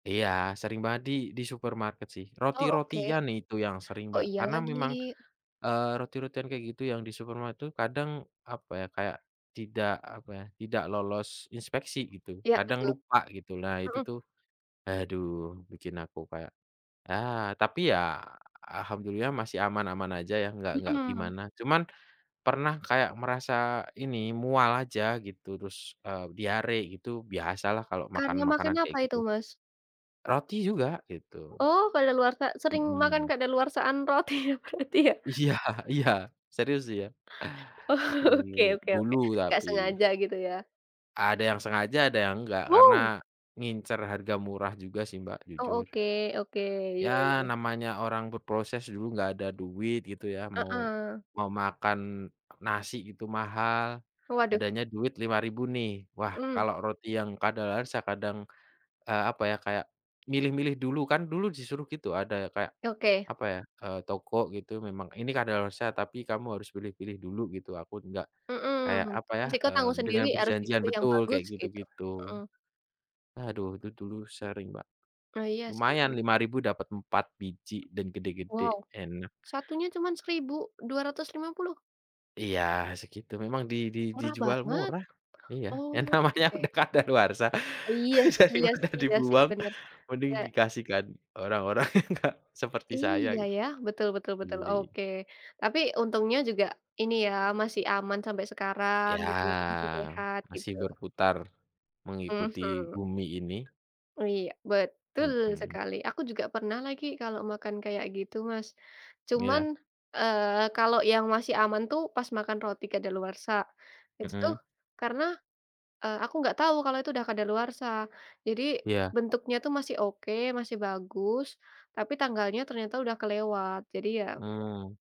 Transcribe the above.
Iya, sering banget di di supermarket sih. Oh, oke. Roti-rotian itu yang sering, Oh, Mbak, iya karena memang, lagi. eee, roti-rotian kayak gitu yang di supermarket tuh kadang, apa ya, kayak tidak, apa ya, tidak lolos inspeksi gitu, Iya, kadang betul, lupa gitu. Nah, itu mhm. tuh aduh bikin aku kayak, ah, tapi ya Alhamdulillah masih aman-aman aja ya, nggak nggak Mmm. gimana. Cuman pernah kayak merasa ini mual aja gitu, terus, eee, diare gitu biasalah kalau makan Karena makan makanan apa kayak itu, gitu. Mas? Roti juga, gitu. Oh, kadaluwarsa. Sering makan Mmm. kadaluwarsaan roti ya, berarti ya? Iya iya. Serius, iya. Oke Mmm, oke oke. dulu Nggak tapi. sengaja gitu ya. Ada yang sengaja, ada yang enggak, karena Wow. ngincer harga murah juga sih, Mbak, Oh, jujur. oke oke. Iya Ya iya. namanya orang berproses dulu nggak ada duit gitu ya, mau Heeh. mau makan nasi itu mahal, Waduh. adanya duit Rp5.000 nih, wah Mhm. kalau roti yang kadaluwarsa kadang, eee, apa ya, kayak milih-milih dulu kan. Dulu disuruh gitu ada kayak, Ya, oke. apa ya, eee, toko gitu, "Memang ini kadaluwarsa tapi kamu harus pilih-pilih dulu," gitu. Aku nggak kayak, Mmm, apa ya, resiko eee, tanggung dengan sendiri, harus perjanjian dipilih yang betul, bagus kayak gitu, gitu-gitu. mhm. Aduh itu dulu sering, Mbak, Oh, iya lumayan sih. Rp5.000 dapat 4 biji dan gede-gede, Wow, enak. satunya cuman Rp1.250? Iya, segitu. Memang di di Murah dijual banget. murah. Iya, ya namanya Oke. udah kadaluwarsa Iya sih iya daripada sih iya sih, dibuang bener. mending Iya. dikasihkan orang-orang yang enggak seperti saya Iya, gitu, ya. Betul betul betul, beli. oke. Tapi untungnya juga ini ya, masih aman sampai sekarang Iya, gitu ya, masih sehat gitu. masih berputar mengikuti Mhm. bumi ini. Oh, iya. Betul Mhm. sekali. Aku juga pernah lagi kalau makan kayak gitu, Mas. Cuman, Iya. eee, kalau yang masih aman tuh pas makan roti kadaluwarsa, itu tuh Mhm. karena, eee, aku nggak tahu kalau itu udah kadaluwarsa, jadi Iya. bentuknya tuh masih oke, masih bagus, tapi tanggalnya ternyata udah kelewat, jadi ya Mmm.